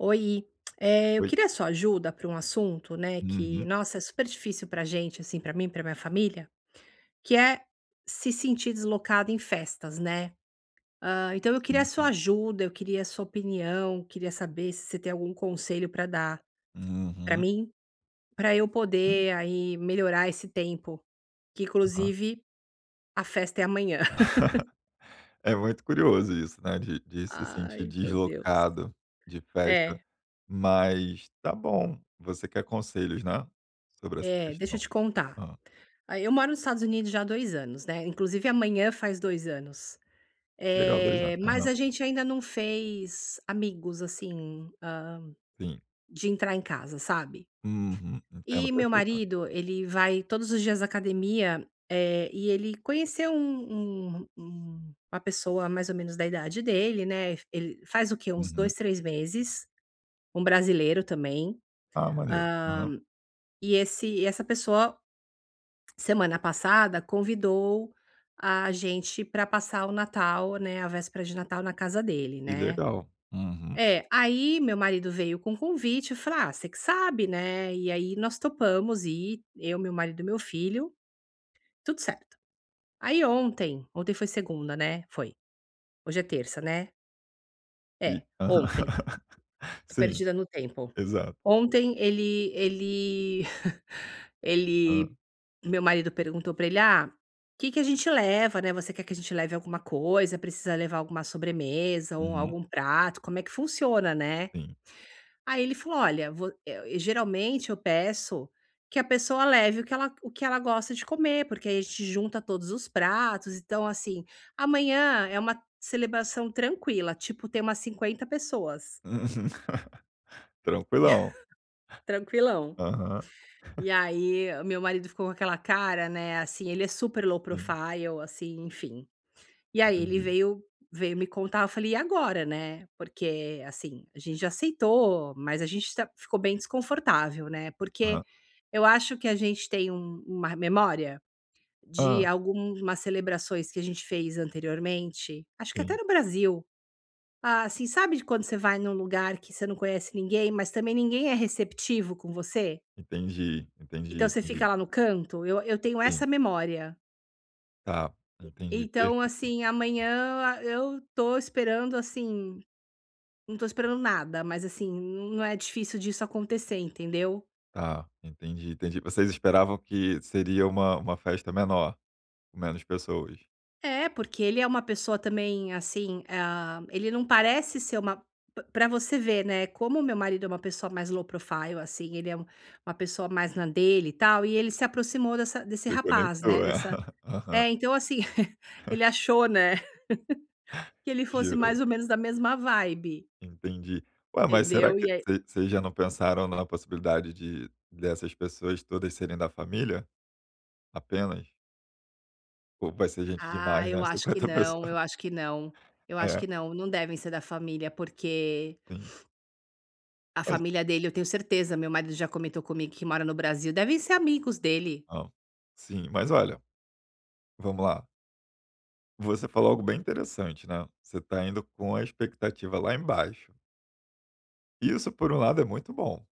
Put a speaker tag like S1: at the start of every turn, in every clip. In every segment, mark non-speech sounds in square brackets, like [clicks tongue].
S1: Oi. Eh, eu
S2: Oi.
S1: queria a sua ajuda pra um assunto né que
S2: Uhum.
S1: nossa, é super difícil pra gente, assim, pra mim e pra minha família, que é se sentir deslocada em festas, né. Ah, então eu queria a
S2: Sim,
S1: sua
S2: sim.
S1: ajuda. Eu queria a sua opinião. Queria saber se você tem algum conselho pra dar pra
S2: Uhum.
S1: mim, pra eu
S2: [unintelligible]
S1: poder aí melhorar esse tempo que,
S2: Aham.
S1: inclusive, a festa é amanhã. [laughs]
S2: [laughs] É muito curioso isso, né? De de se sentir
S1: Ai, meu Deus.
S2: deslocado de festa.
S1: É.
S2: Mas, tá bom, você quer conselhos, né, sobre essa
S1: Eh, deixa eu
S2: questão?
S1: te contar.
S2: Hã.
S1: Aí eu moro nos Estados Unidos já há 2 anos, né? Inclusive, amanhã faz 2 anos.
S2: Legal. 2
S1: Eh,
S2: anos.
S1: mas
S2: Aham.
S1: a gente ainda não fez amigos, assim, hã,
S2: Sim.
S1: de entrar em casa, sabe?
S2: Uhum. Entendo
S1: E meu
S2: perfeitamente.
S1: marido ele vai todos os dias à academia, eh, e ele conheceu um um um uma pessoa mais ou menos da idade dele, né. Ele f faz o quê? Uns
S2: Uhum.
S1: 2, 3 meses. Um brasileiro também,
S2: Ah, maneiro. Aham.
S1: hã, e esse e essa pessoa, semana passada, convidou a gente pra passar o Natal, né a véspera de Natal na casa dele,
S2: Que
S1: né.
S2: legal. Uhum.
S1: É. Aí meu marido veio com o convite e eu falei: "Ah, você que sabe, né". E aí nós topamos ir. Eu, meu marido e meu filho. Tudo certo. Aí, ontem ontem foi segunda, né? Foi. Hoje é terça, né?
S2: E
S1: É. Ontem.
S2: Aham [laughs]
S1: Estou
S2: Sim.
S1: perdida no tempo.
S2: Exato.
S1: Ontem ele ele [giggles]
S2: Hã.
S1: ele meu marido perguntou pra ele: "Ah, que que a gente leva, né? Você quer que a gente leve alguma coisa? Precisa levar alguma sobremesa ou
S2: Hum.
S1: algum prato? Como é que funciona?", né.
S2: Sim.
S1: Aí, ele falou: Olha, vo eu e geralmente eu peço que a pessoa leve o que ela g o que ela gosta de comer porque aí a gente junta todos os pratos. Então, assim amanhã, é uma celebração tranquila. Tipo, tem umas 50 pessoas.
S2: Uhum. [laughs] Tranquilão.
S1: [laughs] Tranquilão.
S2: Aham. [chuckles]
S1: E aí o meu marido ficou com aquela cara, né. Assim, ele é super low
S2: Sim.
S1: profile. assim. Enfim E aí ele
S2: Entendi.
S1: veio veio me contar eu falei: "E agora?", né. Porque, assim, a gente já aceitou, mas a gente tá ficou bem desconfortável, né. Porque
S2: Aham.
S1: eu acho que a gente tem um uma r memória de
S2: Hã.
S1: algumas celebrações que a gente fez anteriormente acho que até
S2: Sim.
S1: no Brasil. Assim, sabe de quando você vai num lugar que você não conhece ninguém, mas também ninguém é receptivo com você?
S2: Entendi.
S1: Então
S2: Entendi,
S1: você fica
S2: entendi.
S1: lá no canto. Eu eu tenho essa
S2: Sim.
S1: memória.
S2: Tá, entendi.
S1: Então,
S2: Perfeito.
S1: assim amanhã, eu a estou esperando, assim não estou esperando nada, mas assim n não é difícil disso acontecer. Entendeu?
S2: Tá. Entendi, entendi. Vocês esperavam que seria uma uma festa menor, com menos pessoas?
S1: Eh, porque ele é uma pessoa também, assim, ah, ele não parece ser uma p pra você ver, né, como meu marido é uma pessoa mais assim low profile. assim. Ele é um uma pessoa mais na dele e tal. E ele se aproximou dessa desse rapaz, né.
S2: Reconectou. É.
S1: Dessa
S2: [laughs] Aham.
S1: Eh, então, assim: [giggles] ele
S2: [chuckles]
S1: achou, né [laughs] que ele fosse
S2: Gerou.
S1: mais ou menos da mesma vibe.
S2: Entendi. Ué, mas será
S1: Entendeu?
S2: que
S1: E aí
S2: vocês vocês já não pensaram na possibilidade de dessas pessoas todas serem da família? Apenas. Ou pode ser gente
S1: Ah,
S2: demais,
S1: eu
S2: né?
S1: acho que
S2: 50
S1: não. Eu
S2: pessoa.
S1: acho que não. Eu acho
S2: É.
S1: que não. Não devem ser da família porque
S2: Sim.
S1: a
S2: [unintelligible]
S1: família dele eu tenho certeza meu marido já comentou comigo que mora no Brasil. Devem ser amigos dele.
S2: Ah, sim. Mas, olha vamos lá. Você falou algo bem interessante, né, você tá indo com a expectativa lá embaixo. Isso por um lado é muito bom,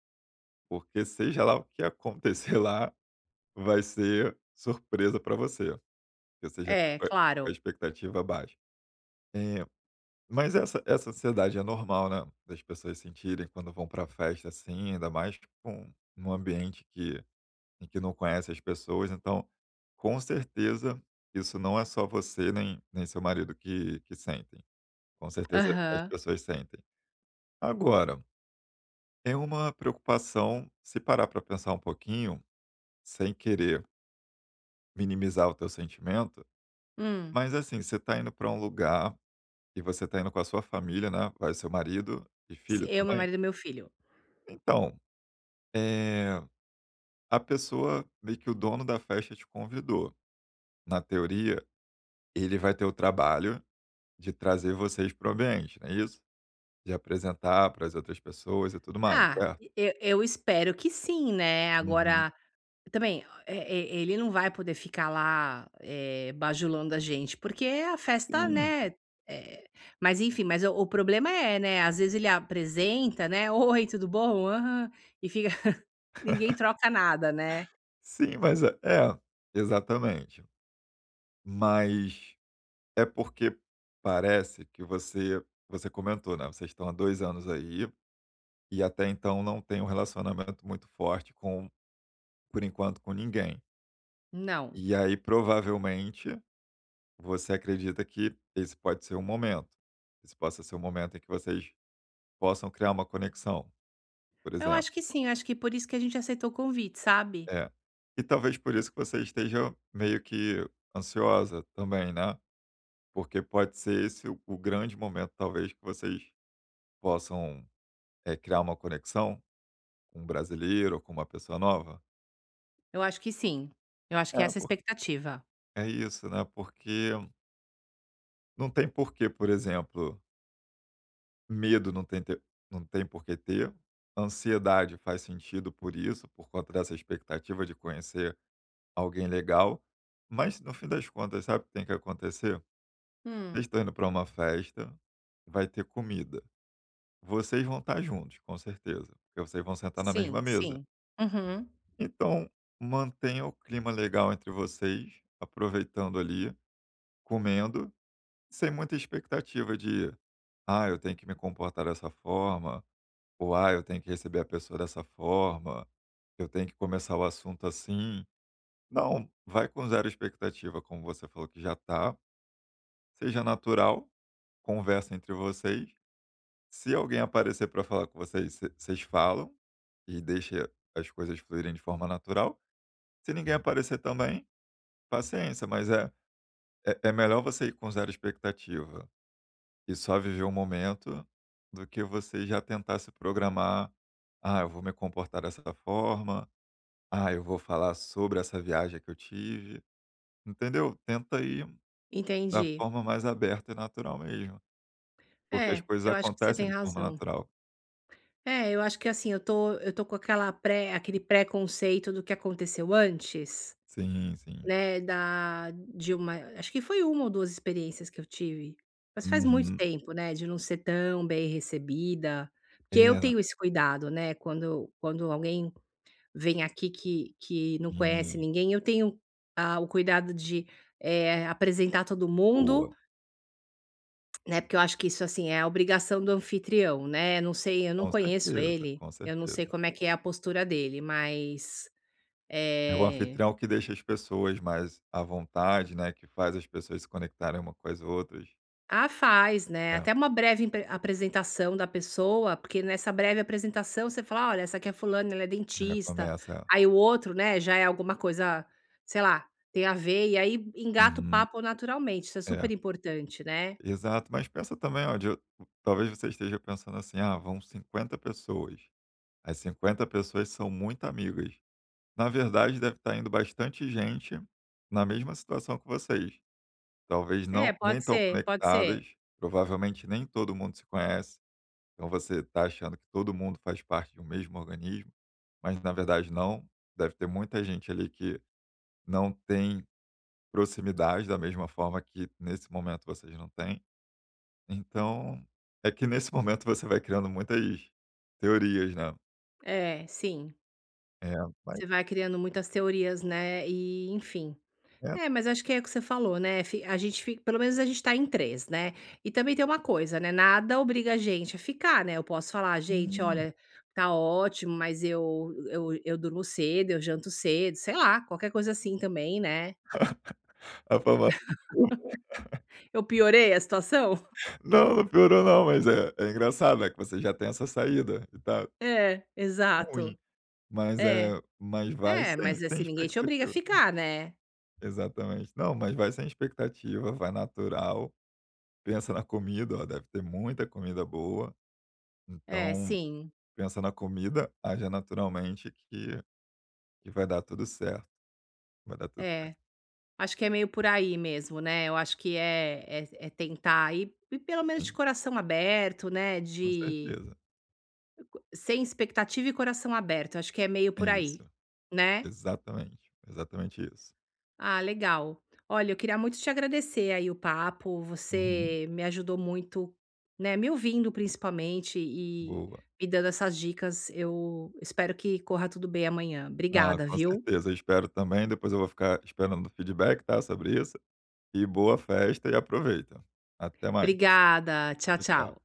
S2: porque seja lá o que acontecer lá vai ser surpresa pra você, que você já tá
S1: É,
S2: com a com a
S1: claro.
S2: expectativa baixa. Eh, mas essa essa ansiedade é normal, né, das pessoas sentirem quando vão pra festa assim, ainda mais com num ambiente que em que não conhece as pessoas então, com certeza, isso não é só você nem nem seu marido que que sentem, com certeza as
S1: Aham.
S2: pessoas sentem. Agora, é uma preocupação, se parar pra pensar um pouquinho, sem querer minimizar o teu sentimento,
S1: Hum.
S2: mas, assim, você tá indo pra um lugar e você tá indo com a sua família, né? Vai seu marido e
S1: S
S2: filho
S1: eu, meu
S2: também?
S1: marido e meu filho.
S2: Então, eh, a pessoa meio que o dono da festa te convidou, na teoria, ele vai ter o trabalho de trazer vocês para o ambiente, é isso? De apresentar para as outras pessoas e tudo mais,
S1: Ah,
S2: certo?
S1: e eu eu espero que sim, né,
S2: Uhum.
S1: agora, também, o, eh, e e ele não vai poder ficar lá, eh, bajulando a gente porque a festa,
S2: Hum.
S1: né, eh, mas enfim, mas o problema é, né, às vezes, ele apresenta, né: "Oi, tudo bom? Aham.", e fica [laughs] ninguém
S2: [laughs]
S1: troca nada, né.
S2: Sim, mas, eh, é, exatamente, mas é porque parece que você você comentou, né, vocês estão há 2 anos aí, e até então não têm relacionamento muito forte com por enquanto com ninguém.
S1: Não.
S2: E aí, provavelmente, você acredita que esse pode ser o momento. Esse possa ser o momento em que vocês possam criar uma conexão, por
S1: Eu
S2: exemplo.
S1: acho que sim, acho que por isso que a gente aceitou o convite, sabe?
S2: É. E talvez por isso que você esteja meio que ansiosa também, né, porque pode ser esse o o grande momento, talvez que vocês possam, eh, criar uma conexão com um brasileiro ou com uma pessoa nova?
S1: Eu acho que sim. Eu acho que
S2: É
S1: essa é a
S2: por
S1: expectativa.
S2: é isso, né? Porque não tem porquê, por exemplo medo, não tem ter não tem por que ter, ansiedade faz sentido por isso, por conta dessa expectativa de conhecer alguém legal, mas no fim das contas sabe o que tem que acontecer? Vocês
S1: Hum.
S2: estão indo pra uma festa, vai ter comida. Vocês vão estar juntos, com certeza, porque vocês vão sentar na
S1: Sim,
S2: mesma mesa.
S1: sim. Aham.
S2: Então, mantenha o clima legal entre vocês, aproveitando ali, comendo, sem muita expectativa de: "Ah, eu tenho que me comportar dessa forma" ou: "Ah, eu tenho que receber a pessoa dessa forma, eu tenho que começar o assunto assim". Não. Vai com zero expectativa, como você falou que já tá. Seja natural, conversa entre vocês, se alguém aparecer pra falar com vocês, vocês falam e deixa as coisas fluírem de forma natural. Se ninguém aparecer também, paciência, mas é é é melhor você ir com zero expectativa, e só viver o momento do que você já tentar se programar: "Ah, eu vou me comportar dessa forma, ah, eu vou falar sobre essa viagem que eu tive", entendeu? Tenta ir da
S1: Entendi.
S2: forma mais aberta e natural mesmo. Porque as
S1: É,
S2: coisas
S1: eu acho que você
S2: acontecem
S1: tem
S2: de forma
S1: razão.
S2: natural.
S1: É, eu acho que assim. Eu tô eu tô com aquela pré aquele preconceito do que aconteceu antes,
S2: Sim, sim.
S1: né, da de uma acho que foi 1 ou 2 experiências que eu tive. Mas faz muito
S2: Uhum.
S1: tempo, né de não ser tão bem recebida, porque eu
S2: Eh.
S1: tenho esse cuidado, né, quando quando alguém vem aqui que que não conhece
S2: Hum.
S1: ninguém, eu tenho a o cuidado de, eh, apresentar todo mundo
S2: Boa.
S1: [clicks tongue] né, porque eu acho que isso assim é a obrigação do anfitrião né? Não sei, eu não
S2: Com
S1: conheço
S2: certeza.
S1: ele,
S2: Com
S1: eu não sei
S2: certeza.
S1: como é que é a postura dele, mas
S2: É o
S1: eh
S2: anfitrião que deixa as pessoas mais à vontade, né, que faz as pessoas se conectarem uma com as outras.
S1: Ah, faz, né.
S2: É.
S1: Até uma breve impr apresentação da pessoa, porque nessa breve apresentação, você fala: "Olha, essa aqui é a fulana, ela é
S2: É,
S1: dentista".
S2: começa, é.
S1: Aí o outro, né, já é alguma coisa, ah sei lá, tem a ver, e aí engata o
S2: Uhum.
S1: papo naturalmente, isso é
S2: É.
S1: super importante, né?
S2: Exato. Mas pensa também, ó de eu talvez você esteja pensando assim: "Ah, vão 50 pessoas. As 50 pessoas são muito amigas". Na verdade deve tá indo bastante gente na mesma situação que vocês. Talvez
S1: É,
S2: não nem
S1: pode
S2: tão
S1: ser, pode ser.
S2: conectadas, provavelmente nem todo mundo se conhece. Então você tá achando que todo mundo faz parte de um mesmo organismo, mas na verdade não. Deve ter muita gente ali que, não tem proximidade da mesma forma que, nesse momento vocês não têm. Então, é que nesse momento você vai criando muitas teorias, né?
S1: É, sim.
S2: É, vai.
S1: Você vai criando muitas teorias, né, e, enfim.
S2: É.
S1: É, mas acho que é o que você falou, né, fi a gente fi pelo menos a gente tá em 3, né. E também tem uma coisa, né, nada obriga a gente a ficar, né. Eu posso falar: "Gente,
S2: Hum.
S1: olha, tá ótimo, mas eu eu eu durmo cedo, eu janto cedo", sei lá, qualquer coisa assim também, né.
S2: [laughs] A famosa desculpa. [laughs]
S1: [laughs] Eu piorei a situação?
S2: Não, não piorou não. Mas é é engraçado, né, que você já tem essa saída, e tal.
S1: É,
S2: Ruim.
S1: exato.
S2: Mas
S1: É.
S2: é, mas vai
S1: É,
S2: sem
S1: mas
S2: sem
S1: assim, ninguém te obriga a
S2: expectativa.
S1: ficar, né?
S2: Exatamente. Não, mas vai sem expectativa, vai natural. Pensa na comida, ó, deve ter muita comida boa.
S1: É,
S2: Então
S1: sim.
S2: pensa na comida, aja naturalmente que que vai dar tudo certo. Vai dar tudo certo.
S1: É. Acho que é meio por aí mesmo, né? Eu acho que é é é tentar ir ir p pelo menos de
S2: Sim.
S1: coração aberto, né.
S2: Com
S1: De
S2: certeza.
S1: Sem expectativa e coração aberto, acho que é meio
S2: É
S1: por
S2: isso.
S1: aí, né?
S2: Exatamente. Exatamente isso.
S1: Ah, legal. Olha, eu queria muito te agradecer aí, o papo.
S2: Uhum.
S1: Você me ajudou muito, né, me ouvindo principalmente e
S2: Boa.
S1: me dando essas dicas. Eu espero que corra tudo bem amanhã.
S2: Ah,
S1: Obrigada,
S2: com
S1: viu?
S2: certeza. Eu espero também, depois eu vou ficar esperando o feedback tá, sobre isso. E boa festa e aproveita. Até mais.
S1: Obrigada. Tchau,
S2: Tchau, tchau.
S1: tchau.